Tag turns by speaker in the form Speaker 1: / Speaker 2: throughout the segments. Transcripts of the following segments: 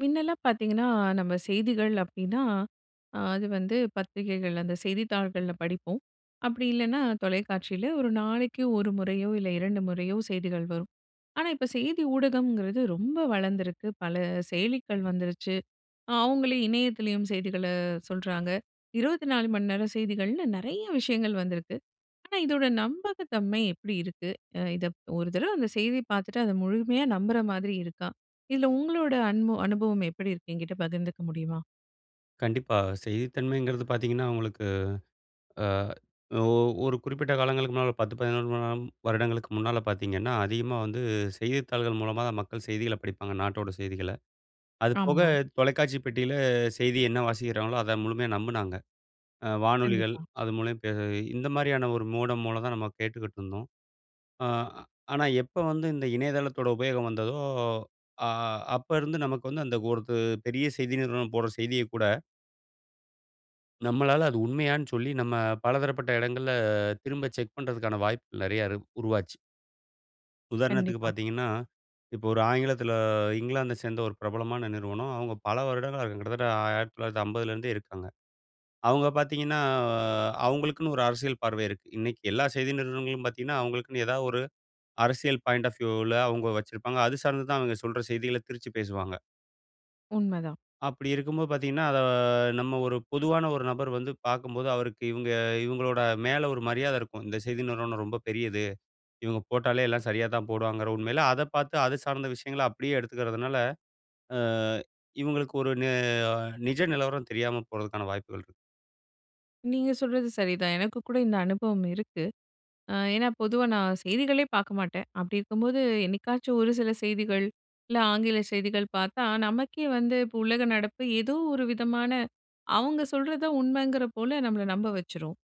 Speaker 1: மின்னெல்லாம் பாத்தீங்கன்னா, நம்ம செய்திகள் அப்பிடின்னா அ அது வந்து பத்திரிகைகள், அந்த செய்தித்தாள்கள்ல படிப்போம். அப்பிடி இல்லனா தொலைக்காட்சியில 1 நாளக்கி 1 முறையோ, இல்ல 2 முறையோ செய்திகள் வரும். ஆனா இப்ப செய்தி ஊடகம்ங்கிறது ரொம்ப வளந்திருக்கு. பல செயலிகள் வந்துருச்சு. அவுங்களே இணையத்திலயும் செய்திகள சொல்றாங்க. 24 மணி நேர செய்திகள்னு நெறைய விஷயங்கள் வந்திருக்கு. ஆனா இதோட நம்பகத்தன்மை எப்பிடி இருக்கு, அ இதப் 1 தடவ அந்த செய்தி பாத்துட்டு அத முழுமையா நம்புற மாதிரி இருக்கா? இதுல உங்களோட அன்மோ அனுபவம் எப்பிடி இருக்கு? என்கிட்ட பகிர்ந்திக்க முடியுமா?
Speaker 2: கண்டிப்பா. செய்தித்தன்மைங்கிறது பாத்தீங்கன்னா உங்களுக்கு அ, ஒ 1 குறிப்பிட்ட காலங்களுக்கு முன்னால 1 10 [unintelligible] வருடங்களுக்கு முன்னால பாத்தீங்கன்னா, அதிகமா வந்து செய்தித்தாள்கள் மூலமா தான் மக்கள் செய்திகள படிப்பாங்க. நாட்டோட செய்திகள. அதுபோக
Speaker 1: ஆமாம்.
Speaker 2: தொலைக்காட்சி பெட்டியில செய்தி என்ன வாசிக்கிறாங்களோ! அத முழுமையா நம்புனாங்க. அ வானொலிகள்
Speaker 1: கண்டிப்பா.
Speaker 2: அது [unintelligible] பே இந்த மாரியான 1 மோடம் மூலந்தான் நம்ம கேட்டுக்கிட்டு இருந்தோம். ஆ ஆனா எப்ப வந்து இந்த இணைய தளத்தோட உபயோகம் வந்ததோ, அ அ அப்ப இருந்து நமக்கு வந்து அந்த 1 த்து பெரிய செய்தி நிறுவனம் போடுற செய்திய கூட. நம்மளால அது உண்மையானு சொல்லி, நம்ம பலதரப்பட்ட இடங்கள்ல திரும்ப செக் பண்றதுக்கான வாய்ப்புகள் நெறைய இரு உருவாச்சு. உதாரணத்துக்கு
Speaker 1: கண்டிப்பா.
Speaker 2: பாத்தீங்கன்னா, இப்போ ஒரு ஆங்கிலத்தில இங்கிலாந்த சேந்த ஒரு பிரபலமான நிறுவனம். அவுங்க பல வருடங்களா இருக்காங் கிட்டத்தட்ட ஆ 1950 லேருந்தே இருக்காங்க. அவங்க பாத்தீங்கன்னா அ அவுங்களுக்குன்னு ஒரு அரசியல் பார்வை இருக்கு. இன்னைக்கு எல்லா செய்தி நிறுவனங்களும் பாத்தீங்கன்னா, அவுங்களுக்குன்னு எதா ஒரு அரசியல் பாய்ண்ட் ஆஃப் வியூவ்ல அவங்க வச்சிருப்பாங்க. அது சார்ந்துதான் அவங்க சொல்ற செய்திகள திரிச்சு பேசுவாங்க.
Speaker 1: உண்மதான்.
Speaker 2: அப்டி இருக்கும்போது பாத்தீங்கன்னா, அத நம்ம ஒரு பொதுவான ஒரு நபர் வந்து பாக்கும்போது, அவருக்கு இவுங்க இவுங்களோட மேல ஒரு மரியாத இருக்கும். இந்த செய்தி நிறுவனம் ரொம்ப பெரியது, இவுங்க போட்டாலே எல்லாம் சரியா தான் போடுவாங்குற உண்மையில அத பாத்து, அது சார்ந்த விஷயங்கள அப்டியே எடுத்துக்கறதுனால, அ இவுங்களுக்கு ஒரு நெ நிஜ நிலவரம் தெரியாம போறதுக்கான வாய்ப்புகள் இருக்கு.
Speaker 1: நீங்க சொல்றது சரிதான். எனக்கு கூட இந்த அனுபவம் இருக்கு. அ ஏன்னா, பொதுவா நான் செய்திகளே பாக்க மாட்டேன். அப்டி இருக்கும்போது, என்னைக்காச்சும் ஒரு சில செய்திகள் இல்ல ஆங்கில செய்திகள் பாத்தா, நமக்கே வந்து இப்போ உலக நடப்பு ஏதோ ஒரு விதமான அவங்க சொல்றத உண்மைங்கிற போல நம்மள நம்ப வச்சுரும்.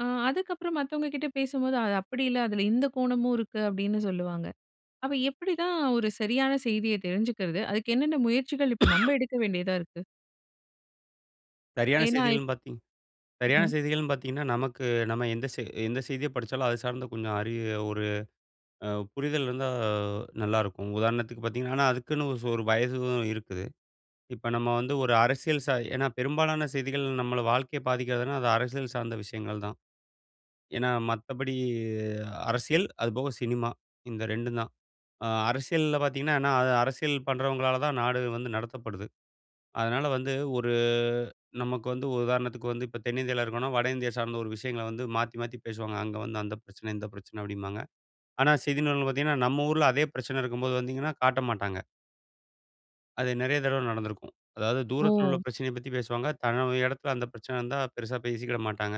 Speaker 1: அ அதுக்கப்புறம் மத்தவங்க கிட்ட பேசும்போது அது அப்டி இல்ல அதுல இந்த கோணமும் இருக்கு, அப்டின்னு சொல்லுவாங்க. அப்ப எப்டிதான் ஒரு சரியான செய்திய தெரிஞ்சுக்கிறது? அதுக்கு என்னென்ன முயற்சிகள் இப்போ நம்ம எடுக்க வேண்டியதா இருக்கு?
Speaker 2: சரியான
Speaker 1: ஏன்னா ப்
Speaker 2: செய்திகள்ன்னு பார்த்தீங் சரியான
Speaker 1: ம்ஹம்.
Speaker 2: செய்திகள்னு பாத்தீங்கன்னா, நமக்கு நம்ம எந்த செய் எந்த செய்திய படிச்சாலும் அது சார்ந்த கொஞ்சம் அறி ஒரு அ புரிதல் இருந்தா நல்லாருக்கும். உதாரணத்துக்கு பாத்தீங்கன்னா, ஆனா அதுக்குன்னு ஒரு சொ வயசும் உ இருக்குது. இப்ப நம்ம வந்து ஒரு அரசியல் ச ஏன்னா பெரும்பாலான செய்திகள் நம்மள வாழ்க்கைய பாதிக்கிறதுனா, அது அரசியல் சார்ந்த விஷயங்கள் தான். ஏன்னா, மத்தபடி அரசியல் அதுபோக சினிமா இந்த 2ம் தான். அ அரசியல்ல பாத்தீங்கன்னா, ஏன்னா அது அரசியல் பண்றவங்களால தான் நாடு வந்து நடத்தப்படுது. அதனால வந்து ஒரு நமக்கு வந்து ஒரு உதாரணத்துக்கு வந்து, இப்ப தென்னிந்தியால இருக்கோனா வடஇந்தியா சார்ந்த ஒரு விஷயங்கள வந்து மாத்தி மாத்தி பேசுவாங்க. அங்க வந்து அந்த பிரச்சன, இந்த பிரச்சன அப்டிம்பாங்க. ஆனா செய்தி நூல்ல பாத்தீங்கன்னா, நம்ம ஊருல அதே பிரச்சன இருக்கும்போது வந்தீங்கன்னா காட்ட மாட்டாங்க. அது நெறைய தடவ நடந்திருக்கும். அதாவது தூரத்துல உள்ள
Speaker 1: ஓ!
Speaker 2: பிரச்சனைய பத்தி பேசுவாங்க. தன்னோட எடத்துல அந்த பிரச்சன இருந்தா பெருசா பேசிக்கிட மாட்டாங்க.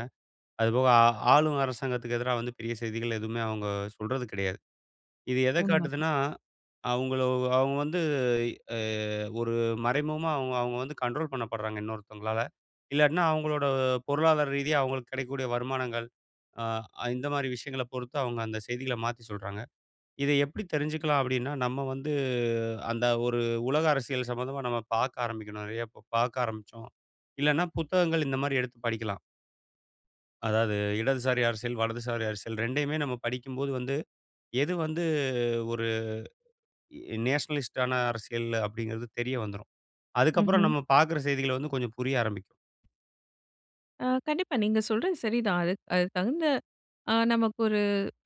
Speaker 2: அதுபோக ஆ ஆளும் அரசாங்கத்துக்கு எதிரா வந்து பெரிய செய்திகள் எதுமே அவங்க சொல்றது கிடையாது. இது எத
Speaker 1: உண்மதான்.
Speaker 2: காட்டுதுன்னா? அவங்கள அவங்க வந்து எ எ ஒரு மறைமுகமா அவங்க அவங்க வந்து கண்ட்ரோல் பண்ணப்பட்றாங்க இன்னொருத்தங்களால. இல்லாட்னா அவங்களோட பொருளாதார ரீதியா அவங்களுக்கு கெடைக்க கூடிய வருமானங்கள், அ இந்த மாதிரி விஷயங்கள பொறுத்து அவங்க அந்த செய்திகள மாத்தி சொல்றாங்க. இத எப்டி தெரிஞ்ச்சுக்கலாம் அப்டின்னா நம்ம வந்து அந்த ஒரு உலக அரசியல் சம்மந்தமா நம்ம பாக்க ஆரம்பிக்கணும். நெறைய ப பாக்க ஆரம்பிச்சோ, இல்லனா புத்தகங்கள் இந்த மாதிரி எடுத்து படிக்கலாம். அதாவது இடதுசாரி அரசியல், வலதுசாரி அரசியல் ரெண்டையுமே நம்ம படிக்கும்போது வந்து, எது வந்து ஒரு எ நேஷனலிஸ்ட் ஆன அரசியல் அப்படிங்கிறது தெரிய வந்துரும். அதுக்கப்பறம்
Speaker 1: ம்ஹ்ம்.
Speaker 2: நம்ம பாக்குற செய்திகள் வந்து கொஞ்சம் புரிய ஆரம்பிக்கும்.
Speaker 1: அ கண்டிப்பா நீங்க சொல்றது சரிதான். அது அதுக்கு தகுந்த அ நமக்கு ஒரு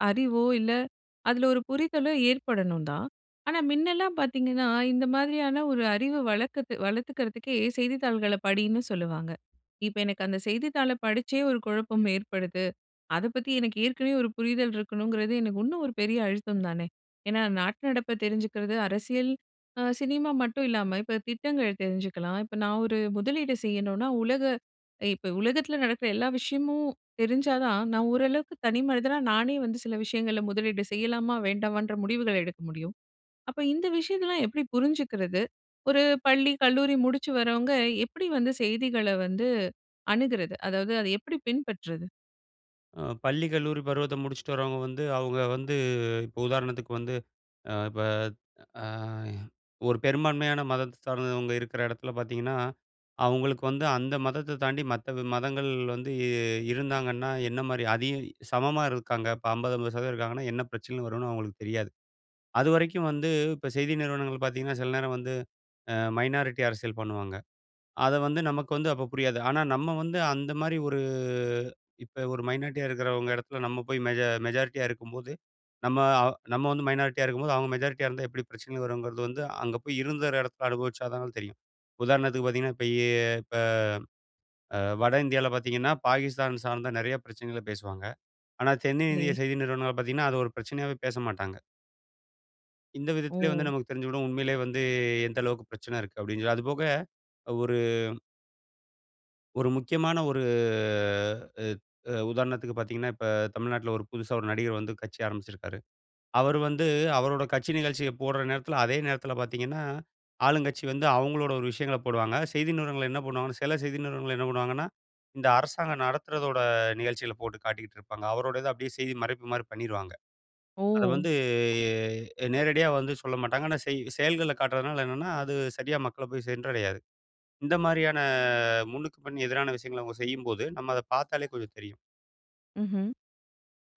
Speaker 1: அறிவோ இல்ல, அதுல ஒரு புரிதலோ ஏற்படணும் தான். ஆனா முன்னலாம் பாத்தீங்கன்னா இந்த மாதிரியான ஒரு அறிவு வளர்க்கத்து வளர்த்துக்கிறதுக்கே செய்தித்தாள்களை படின்னு சொல்லுவாங்க. இப்ப எனக்கு அந்த செய்தித்தாளை படிச்சே ஒரு குழப்பம் ஏற்படுது. அத பத்தி எனக்கு ஏற்கனவே ஒரு புரிதல் இருக்கணுங்கிறது எனக்கு இன்னும் ஒரு பெரிய அழுத்தம் தானே. ஏன்னா நாட்டு நடப்பை தெரிஞ்சுக்கிறது, அரசியல் அ சினிமா மட்டும் இல்லாம இப்ப திட்டங்கள் தெரிஞ்சுக்கலாம். இப்ப நான் ஒரு முதலீடு செய்யணும்னா உலக இப்ப உலகத்தில நடக்கிற எல்லா விஷயமும் தெரிஞ்சா தான் நான் ஓரளவுக்கு தனி மனிதனா நானே வந்து சில விஷயங்களை முதலீடு செய்யலாமா வேண்டாமான்ற முடிவுகள எடுக்க முடியும். அப்ப இந்த விஷயங்கள்லாம் எப்படி புரிஞ்சுக்கிறது? ஒரு பள்ளி கல்லூரி முடிச்சு வரவங்க எப்படி வந்து செய்திகள வந்து அணுகுறது? அதாவது அதை எப்படி பின்பற்றுறது?
Speaker 2: அ பள்ளி, கல்லூரி பருவத்த முடிச்சுட்டு வர்றவுங்க வந்து, அவுங்க வந்து இப்ப உதாரணத்துக்கு வந்து, அ இப்ப அய ஒரு பெரும்பான்மையான மதத்த சார்ந்தவங்க இருக்கிற இடத்துல பார்த்தீங்கன்னா, அவுங்களுக்கு வந்து அந்த மதத்தை தாண்டி மத்த வி மதங்கள் வந்து இருந்தாங்கன்னா என்னமாரி அதிக சமமா இருக்காங்க. இப்ப 50, 50% இருக்காங்கன்னா, என்ன பிரச்சனைகள் வருன்னு அவுங்களுக்கு தெரியாது. அதுவரைக்கும் வந்து இப்ப செய்தி நிறுவனங்கள் பாத்தீங்கன்னா சில நேரம் வந்து அ மைனாரிட்டி அரசியல் பண்ணுவாங்க. அத வந்து நமக்கு வந்து அப்ப புரியாது. ஆனா, நம்ம வந்து அந்தமாரி ஒரு இப்ப ஒரு மைனாரிட்டியா இருக்கிறவுங்க இடத்தில நம்ம போய் மெஜ மெஜாரிட்டியா இருக்கும்போது, நம்ம அவு நம்ம வந்து மைனாரிட்டியா இருக்கும்போது, அவுங்க மெஜாரிட்டியா இருந்தா எப்படி பிரச்சனைகள் வருங்கிறது வந்து, அங்க போய் இருந்த ஒரு இடத்த அனுபவிச்சாதான் தெரியும். உதாரணத்துக்கு பார்த்தீங்கன்னா, இப்ப இ இப்ப அ வட இந்தியால பாத்தீங்கன்னா, பாகிஸ்தான் சார்ந்த நிறைய பிரச்சனைகள பேசுவாங்க. ஆனா,
Speaker 1: சரி.
Speaker 2: தென்னிந்திய செய்தி நிறுவனங்கள் பாத்தீங்கன்னா, அது ஒரு பிரச்சனையாவே பேச மாட்டாங்க. இந்த விதத்திலே வந்து
Speaker 1: ஓ!
Speaker 2: நமக்கு தெரிஞ்சு விடும் உண்மையிலே வந்து, எந்த அளவுக்கு பிரச்சன இருக்கு அப்பிடின்னு சொல்லி. அதுபோக ஒரு ஒரு முக்கியமான ஒரு அ உதாரணத்திற்கு பார்த்தீங்கன்னா, இப்ப தமிழ்நாட்ல ஒரு புதுசா ஒரு நடிகர் வந்து கட்சி ஆரம்பிச்சிருக்காரு. அவரு வந்து அவரோட கட்சி நிகழ்ச்சிய போட்ற நேரத்தில அதே நேரத்தில பார்த்தீங்கன்னா, ஆளும் கட்சி வந்து அவுங்களோட ஒரு விஷயங்களப் போடுவாங்க. செய்தி நிறுவனங்கள் என்ன பண்ணுவாங்கன்னா சில செய்தி நிறுவனங்கள் என்ன பண்ணுவாங்கன்னா, இந்த அரசாங்கம் நடத்துறதோட நிகழ்ச்சிகள போட்டுக் காட்டிக்கிட்டு இருப்பாங்க. அவரோடது அப்பிடியே செய்தி மறைப்புமாரி பண்ணிருவாங்க. அத
Speaker 1: ஓ!
Speaker 2: வந்து எ அ நேரடியா வந்து சொல்லமாட்டாங்க. ஆனா, செய் செயல்கள்ல காட்டுறதுனால என்னன்னா, அது சரியா மக்கள போய் சென்றடையாது. இந்த மாதிரியான முன்னுக்குப்பின் எதிரான விஷயங்கள அவுங்க செய்யும்போது, நம்ம அத பார்த்தாலே கொஞ்சம் தெரியும்.
Speaker 1: ம்ஹ்ம்.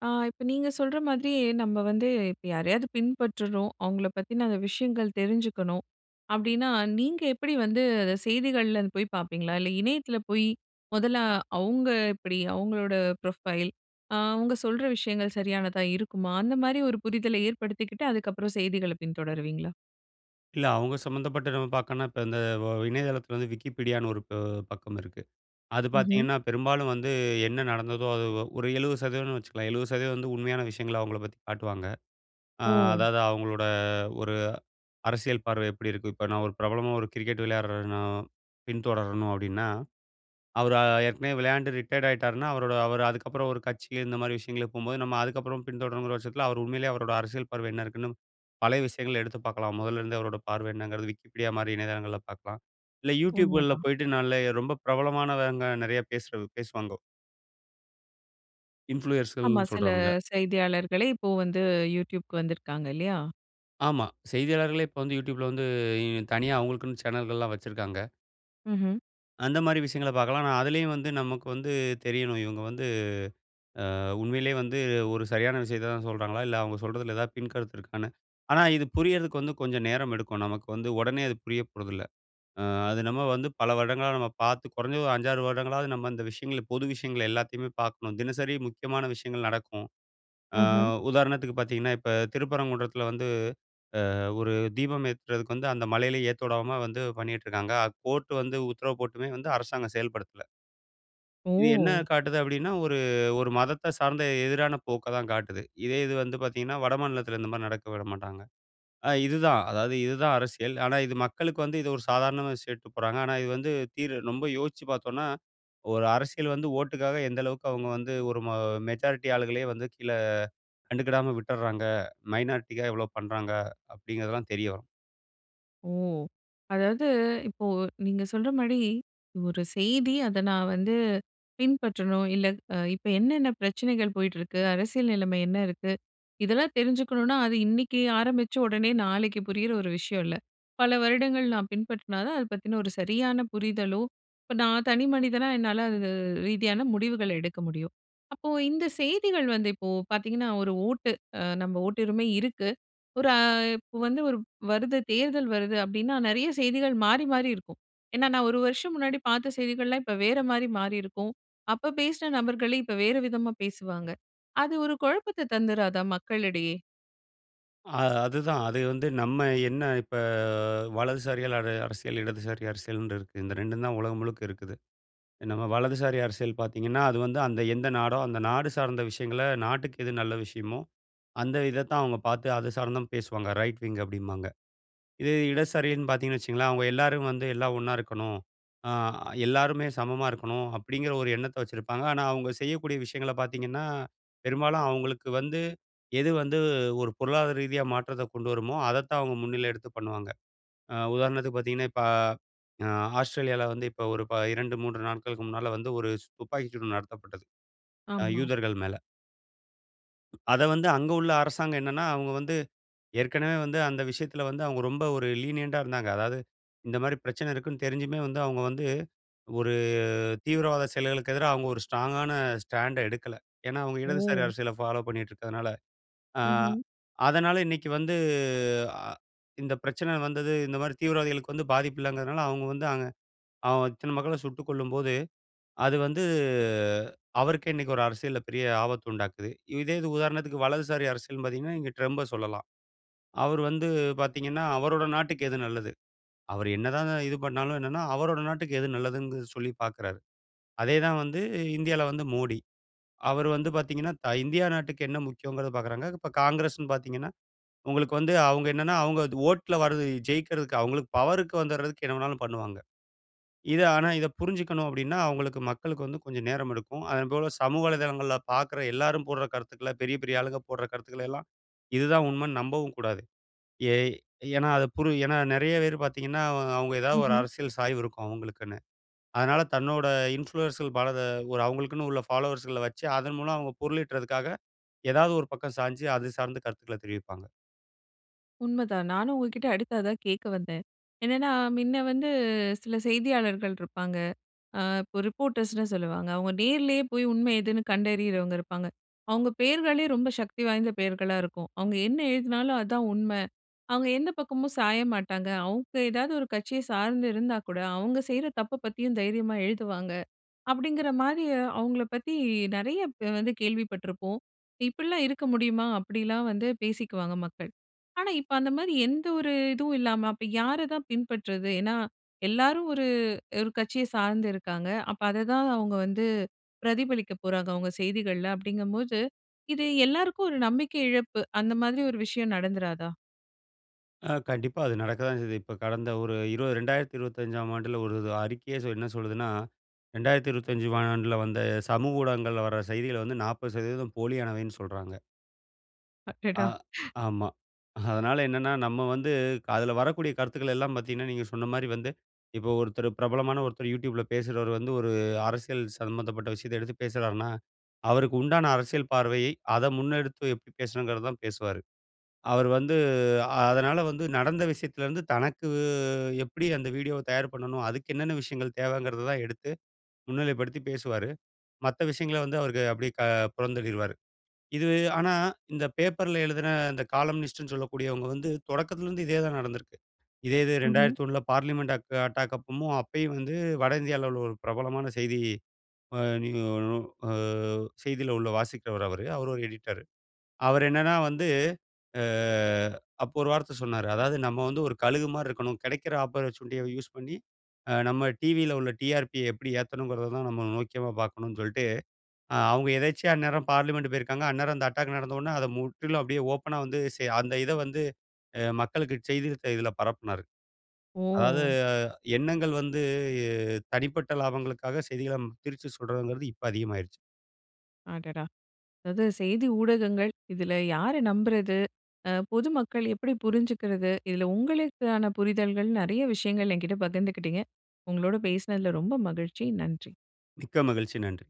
Speaker 1: ஆ இப்ப நீங்க சொல்ற மாதிரி நம்ம வந்து இப்ப யாரையாது பின்பற்றுரும், அவங்கள பத்தின அந்த விஷயங்கள் தெரிஞ்சுக்கணும் அப்டின்னா நீங்க எப்படி வந்து அத செய்திகள்லே அத போயி பாப்பீங்களா? இல்ல இணையத்துல போயி மொதல்ல அவங்க எப்படி? அவங்களோட ப்ரொஃபைல், அ அவங்க சொல்ற விஷயங்கள் சரியானதா இருக்குமா? அந்த மாரி ஒரு புரிதல ஏற்படுத்திக்கிட்டு அதுக்கப்புறம் செய்திகள பின்தொடருவீங்களா?
Speaker 2: இல்ல. அவங்க சம்மந்தப்பட்ட நம்ம பாக்கணும்னா, இப்ப இந்த ஒ இணையதளத்துல வந்து Wikipediaன்னு ஒரு அ பக்கம் இருக்கு. அது
Speaker 1: ம்ஹ்ம்.
Speaker 2: பாத்தீங்கன்னா, பெரும்பாலும் வந்து என்ன நடந்ததோ அது ஒரு 70%னு வச்சுக்கலாம் 70% வந்து உண்மையான விஷயங்கள அவங்கள பத்தி காட்டுவாங்க. அ
Speaker 1: ஓ!
Speaker 2: அதாவது அவங்களோட ஒரு அரசியல் பார்வ எப்படி இருக்கு, இப்ப நான் ஒரு பிரபலமா ஒரு கிரிக்கெட் விளையாடுறன்னோ பின்தொடரணும் அப்டின்னா, அவரு அ ஏற்கனவே விளையாண்டு ரிட்டயர்ட் ஆயிட்டாருன்னா அவரோட அவரு அதுக்கப்புறம் ஒரு கட்சி இந்த மாதிரி விஷயங்களுக்கு போம்போது நம்ம அதுக்கப்புறம் பின்தொடரணுங்கிற வருஷத்துல, அவரு உண்மையிலே அவரோட அரசியல் பார்வை என்ன இருக்குன்னு பழைய விஷயங்கள எடுத்து பாக்கலாம். மொதல்ல இருந்தே அவரோட பார்வ என்னங்கிறத, Wikipedia மாதிரி இணையதளங்கள்ல பாக்கலாம். இல்ல Youtube கள்ல
Speaker 1: உண்மதான்.
Speaker 2: போய்ட்டு நல்லயே ரொம்ப பிரபலமானவங்க நெறைய பேசுறது பேசுவாங்கோ.
Speaker 1: ஆமா.
Speaker 2: இன்ஃபுளுயர்ஸ்கள்னு
Speaker 1: சில
Speaker 2: சொல்றவங்க.
Speaker 1: செய்தியாளர்களே, இப்போ வந்து Youtubeக்கு வந்துருக்காங்க, இல்லையா?
Speaker 2: ஆமா. செய்தியாளர்களே இப்போ வந்து Youtubeல வந்து இ தனியா அவுங்களுக்குன்னு சேனல்கள்லா வச்சுருக்காங்க.
Speaker 1: ம்ஹ்ம்.
Speaker 2: அந்த மாரி விஷயங்கல பார்க்கலா, ஆனா அதிலேயும் வந்து நமக்கு வந்து தெரியணும். இவுங்க வந்து அ உண்மையிலயே வந்து ஒரு சரியான விஷயத்த தான் சொல்றாங்களா, இல்ல அவுங்க சொல்றதுல ஏதாவது பின் கருத்து இருக்கான்னு, ஆனா இது புரியறதுக்கு வந்து கொஞ்ச நேரம் எடுக்கும். நமக்கு வந்து உடனே அது புரியப்போறதில்ல. அது நம்ம வந்து பல வருடங்களா நம்ம பார்த்து குறைஞ்சது ஒரு 5 6 வருடங்களாவது நம்ம இந்த விஷயங்கள பொது விஷயங்கள எல்லாத்தையுமே பாக்கணும். தினசரி முக்கியமான விஷயங்கள் நடக்கும். அ
Speaker 1: ம்ஹ்ம்.
Speaker 2: உதாரணத்துக்கு பாத்தீங்கன்னா, இப்ப திருப்பரங்குன்றத்துல வந்து, அ ஒரு தீபம் ஏத்துறதுக்கு வந்து அந்த மலையில ஏத்தவிடாம வந்து பண்ணிக்கிட்டு இருக்காங்க. கோர்ட் வந்து உத்தரவு போட்டுமே வந்து அரசாங்கம் செயல்படுத்தல. இது என்ன
Speaker 1: ஓ!
Speaker 2: காட்டுது அப்படின்னா ஒரு ஒரு மதத்த சார்ந்த எதிரான போக்க தான் காட்டுது. இதே இது வந்து பார்த்தீங்கன்னா வடமாநிலத்தில இந்த மாரி நடக்க விடமாட்டாங்க. அ இதுதான் அதாவது இதுதான் அரசியல். ஆனா இது மக்களுக்கு வந்து இது ஒரு சாதாரணமா சொல்லிட்டு போறாங்க. ஆனா இது வந்து தீர் ரொம்ப யோசிச்சு பார்த்தோம்னா! ஒரு அரசியல் வந்து ஓட்டுக்காக எந்த அளவுக்கு அவுங்க வந்து ஒரு மொ மெஜாரிட்டி ஆள்களே வந்து கீழ கண்டுக்கிடாம விட்டுடுறாங்க, மைனாரிட்டிக்காக எவ்வளோ பண்ணுறாங்க அப்படிங்கிறதெல்லாம் தெரிய வரும்.
Speaker 1: ஓ! அதாவது இப்போ நீங்க சொல்ற மாரி ஒரு செய்தி அத நான் வந்து பின்பற்றணும் இல்ல அ இப்ப என்னென்ன பிரச்சனைகள் போயிட்டிருக்கு? அரசியல் நிலைமை என்ன இருக்கு? இதெல்லாம் தெரிஞ்சுக்கணுனா அது இன்னிக்கு ஆரம்பிச்சு உடனே நாளைக்கு புரியிற ஒரு விஷயம் இல்ல. பல வருடங்கள் நான் பின்பற்றினா தான் அத பத்தின ஒரு சரியான புரிதலோ இப்ப நான் தனி மனிதனா என்னால அது ரீதியான முடிவுகள எடுக்க முடியும். அப்போ இந்த செய்திகள் வந்து இப்போ பார்த்தீங்கன்னா 1 ஓட்டு அ நம்ம ஓட்டுரிமை இருக்கு. ஒரு அ இப்ப வந்து ஒரு வருது தேர்தல் வருது அப்படின்னா நெறைய செய்திகள் மாறி மாறி இருக்கும். ஏன்னா நான் 1 வருஷம் முன்னாடி பார்த்த செய்திகள்லாம் இப்ப வேற மாரி மாறியிருக்கும். அப்ப பேசின நபர்களே இப்ப வேற விதமா பேசுவாங்க. அது ஒரு குழப்பத்தை தந்துறாதா மக்களிடையே?
Speaker 2: அ அதுதான், அது வந்து நம்ம என்ன இப்ப வலதுசாரியால அது அரசியல் இடதுசாரி அரசியல்ன்னு இருக்கு. இந்த 2ம் தான் உலகம் முழுக்க இருக்குது. நம்ம வலதுசாரி அரசியல் பார்த்தீங்கன்னா அது வந்து அந்த எந்த நாடோ அந்த நாடு சார்ந்த விஷயங்கள நாட்டுக்கு எது நல்ல விஷயமோ அந்த இதத்தான் அவங்க பார்த்து அது சார்ந்துதான் பேசுவாங்க. ரைட் விங் அப்டிம்பாங்க. இதே இடதுசாரின்னு பார்த்தீங்கன்னு வச்சுக்கங்களேன் அவங்க எல்லாரும் வந்து "எல்லாம் ஒண்ணா இருக்கணும். அ எல்லாருமே சமமா இருக்கணும்" அப்படிங்கிற ஒரு எண்ணத்தை வச்சிருப்பாங்க. ஆனா அவங்க செய்யக்கூடிய விஷயங்கள பார்த்தீங்கன்னா பெரும்பாலும் அவங்களுக்கு வந்து எது வந்து ஒரு பொருளாதார ரீதியா மாற்றத்த கொண்டு வருமோ அதைத்தான் அவங்க முன்னில எடுத்து பண்ணுவாங்க. அ உதாரணத்துக்கு பார்த்தீங்கன்னா இப்ப அ ஆஸ்திரேலியால வந்து இப்ப ஒரு ப 2, 3 நாட்களுக்கு முன்னால வந்து ஒரு சு துப்பாக்கி சூடு நடத்தப்பட்டது. அ
Speaker 1: ஆமா.
Speaker 2: யூதர்கள் மேல. அத வந்து அங்க உள்ள அரசாங்கம் என்னனா, அவங்க வந்து ஏற்கனவே வந்து அந்த விஷயத்தில வந்து, அவங்க ரொம்ப ஒரு லீனியன்ட்டா இருந்தாங்க. அதாவது, இந்த மாரி பிரச்சன இருக்குனு தெரிஞ்சுமே வந்து அவங்க வந்து, ஒரு தீவிரவாத செயல்களுக்கு எதிரா அவங்க ஒரு ஸ்ட்ராங்கான ஸ்டாண்ட்ட எடுக்கல. ஏனா அவங்க இடதுசாரி
Speaker 1: ஓ!
Speaker 2: அரசியல ஃபாலோ பண்ணிருக்கதுனால. அ
Speaker 1: ம்ஹ்ம்.
Speaker 2: அதனால இன்னிக்கு வந்து அ இந்த பிரச்சன வந்தது இந்த மாரி தீவிரவாதிகளுக்கு வந்து பாதிப்பில்லங்குறதுனால, அவங்க வந்து அங்க அ இத்தன மக்கள சுட்டுக் கொல்லும்போது, அது வந்து அவருக்கு இன்னிக்கு ஒரு அரசியல்ல பெரிய ஆபத்து உண்டாக்குது. இதே இது உதாரணத்திக்கு வலதுசாரி அரசியல்னு பாத்தீங்கன்னா, நீங்க ட்ரம்ப சொல்லலாம். அவர் வந்து பாத்தீங்கன்னா, அவரோட நாட்டுக்கு எது நல்லது. அவர் என்ன தான் இது பண்னாலும் என்னனா, அவரோட நாட்டுக்கு எது நல்லதுனு சொல்லி பாக்குறாரு. அதே தான் வந்து இந்தியால வந்து மோடி. அவர் வந்து பாத்தீங்கன்னா, த இந்தியா நாட்டுக்கு என்ன முக்கியம்ங்கறத பாக்குறாங்க. இப்போ காங்கிரஸ்னு பாத்தீங்கன்னா, உங்களுக்கு வந்து அவங்க என்னனா அவங்க ஓட்ல வருது ஜெயிக்றதுக்கு அவங்களுக்கு பவர்க்கு வந்துறதுக்கு என்ன வேணுனாலும் பண்ணுவாங்க. இத ஆனா இத புரிஞ்சுக்கணும் அப்டின்னா, அவங்களுக்கு மக்களுக்கு வந்து கொஞ்சம் நேரம் எடுக்கும். அதன்போல சமூக வலைதளங்கள்ல பாக்குற எல்லாரும் போடுற கருத்துக்கள பெரிய பெரிய ஆளுங்க போடுற கருத்துக்கள எல்லாம் இதுதான் உண்மன்னு நம்பவும் கூடாது. ஏ ஏன்னா அத புரு ஏன்னா நிறைய பேர் பாத்திங்கன்னா, அவ அவங்க எதாவது ஒரு
Speaker 1: ம்ஹ்ம்.
Speaker 2: அரசியல் சாய்வு இருக்கும் அவங்களுக்குன்னு. அதனால தன்னோட இன்ஃப்ளூயர்ஸ பல ஒரு அவங்களுக்குன்னு உள்ள ஃபாலோவர்ஸ்கள வச்சு, அதன் மூலம் அவங்க பொருளிட்றதுக்காக, ஏதாவது ஒரு பக்கம் சாஞ்சு அது சார்ந்த கருத்துக்கள தெரிவிப்பாங்க.
Speaker 1: உண்மதான் நானும் உங்கக்கிட்ட அடுத்து அதான் கேட்க வந்தேன். என்னென்னா, மின்னே வந்து சில செய்தியாளர்கள் இருப்பாங்க. அ இப்போ ரிப்போர்டர்ஸ்ன்னு சொல்லுவாங்க. அவுங்க நேர்லேயே போய் உண்மை எதுன்னு கண்டறியிறவங்க இருப்பாங்க. அவுங்க பெயர்களே ரொம்ப சக்தி வாய்ந்த பெயர்களா இருக்கும். அவுங்க என்ன எழுதினாலும், அதான் உண்ம. அவுங்க எந்த பக்கமும் சாய மாட்டாங்க. அவுங்க எதாவது ஒரு கட்சிய சார்ந்து இருந்தாக்கூட, அவுங்க செய்ற தப்ப பத்தியும் தைரியமா எழுதுவாங்க. அப்பிடிங்கிறமாரி அவுங்கள பத்தி நிறைய இப்ப வந்து கேள்வி பட்ருப்போம். இப்பிடிலாம் இருக்க முடியுமா? அப்பிடிலாம் வந்து, பேசிக்குவாங்க மக்கள். ஆனா, இப்ப அந்தமாரி எந்த ஒரு இதுவும் இல்லாம அப்ப யார தான் பின்பற்றது? ஏன்னா, எல்லாரும் ஒரு, ஒரு கட்சிய சார்ந்து இருக்காங்க. அப்ப அததான் அவுங்க வந்து பிரதிபலிக்க போறாங்க. அவுங்க செய்திகள்ல அப்படிங்ககம்போது, இது எல்லாருக்கும் ஒரு நம்பிக்கை இழப்பு. அந்த மாதிரி ஒரு விஷயம் நடந்துறாதா?
Speaker 2: ஆ கண்டிப்பா அது நடக்கதான் செய்யுது. இப்ப கடந்த ஒரு 20 2025ம் ஆண்டுல ஒரு இது அறிக்கையே என்ன சொல்லுதுன்னா, 2025 ஆண்டுல வந்த சமூக ஊடகங்கள்ல வர செய்திகள் வந்து 40% போலியானவைன்னு சொல்றாங்க. ஆ
Speaker 1: அடடா!
Speaker 2: ஆமா. அதனால என்னன்னா, நம்ம வந்து க அதில வரக்கூடிய கருத்துக்கள் எல்லாம் பார்த்தீங்கன்னா, நீங்க சொன்னமாரி வந்து இப்போ ஒருத்தரு பிரபலமான ஒருத்தரு Youtubeல பேசுறவரு வந்து, ஒரு அரசியல் சம்மந்தப்பட்ட விஷயத்த எடுத்து பேசுறார்ன்னா, அவருக்கு உண்டான அரசியல் பார்வையை, அத முன்னெடுத்து எப்பிடி பேசணுங்கிறதான் பேசுவாரு. அவரு வந்து அதனால வந்து நடந்த விஷயத்துலேருந்து தனக்கு எப்படி அந்த வீடியோவ தயார் பண்ணணும், அதுக்கு என்னென்ன விஷயங்கள் தேவங்கிறத தான் எடுத்து, முன்னிலைப்படுத்தி பேசுவாரு. மத்த விஷயங்கள வந்து அவருக்கு அப்பிடியே க புறந்தள்ளிருவாரு. இது ஆனா, இந்த பேப்பர்ல எழுதின இந்த காலம்னிஸ்ட்னு சொல்லக்கூடியவங்க வந்து, தொடக்கத்தில இருந்து இதே தான் நடந்திருக்கு. இதே இது
Speaker 1: ம்ஹ்ம்.
Speaker 2: 2001 பார்லிமென்ட் அக் அட்டாக் அப்பமும் அப்பயும் வந்து வட இந்தியாவுல உள்ள ஒரு பிரபலமான செய்தி அ நிய நு அ செய்தி உள்ள வாசிக்கிறவரு அவரு. அவரு ஒரு எடிட்டரு. அவர் என்னன்னா வந்து அ அப்போ ஒரு வார்த்த சொன்னாரு. அதாவது நம்ம வந்து ஒரு கழுகுமார் இருக்கணும். கிடைக்கிற ஆப்பர்சஷூனிட்டிய யூஸ் பண்ணி, அ நம்ம டிவில உள்ள டிஆர்பிய எப்படி ஏத்தணும்ங்கிறதான் நம்ம நோக்கமா பார்க்கணும் சொல்லிட்டு ஆ அவுங்க எதேச்சையா அந்நேரம் பார்லிமென்ட் போயிருக்காங்க. அந்நேரம் அந்த அட்டாக் நடந்தவுடன அத முற்றிலும் அப்பிடியே ஓப்பனா வந்து செ அந்த இதவந்து அ மக்களுக்கு செய்தி தி இதில பரப்புனாரு. அதாவது
Speaker 1: ஓ!
Speaker 2: அ எண்ணங்கள் வந்து தனிப்பட்ட லாபங்களுக்காக செய்திகள திரிச்சு சொல்றதுங்கிறது இப்ப அதிகமாயிருச்சு.
Speaker 1: அடடா! அதாவது செய்தி ஊடகங்கள் இதில யார நம்புறது அ பொதுமக்கள் எப்படி புரிஞ்சிக்கிறது? இதுல உங்களுக்கான புரிதல்கள் நிறைய விஷயங்கள் எங்கிட்ட பகிர்ந்துக்கிட்டீங்க. உங்களோட பேசுனதுல ரொம்ப மகிழ்ச்சி. நன்றி.
Speaker 2: மிக்க மகிழ்ச்சி. நன்றி.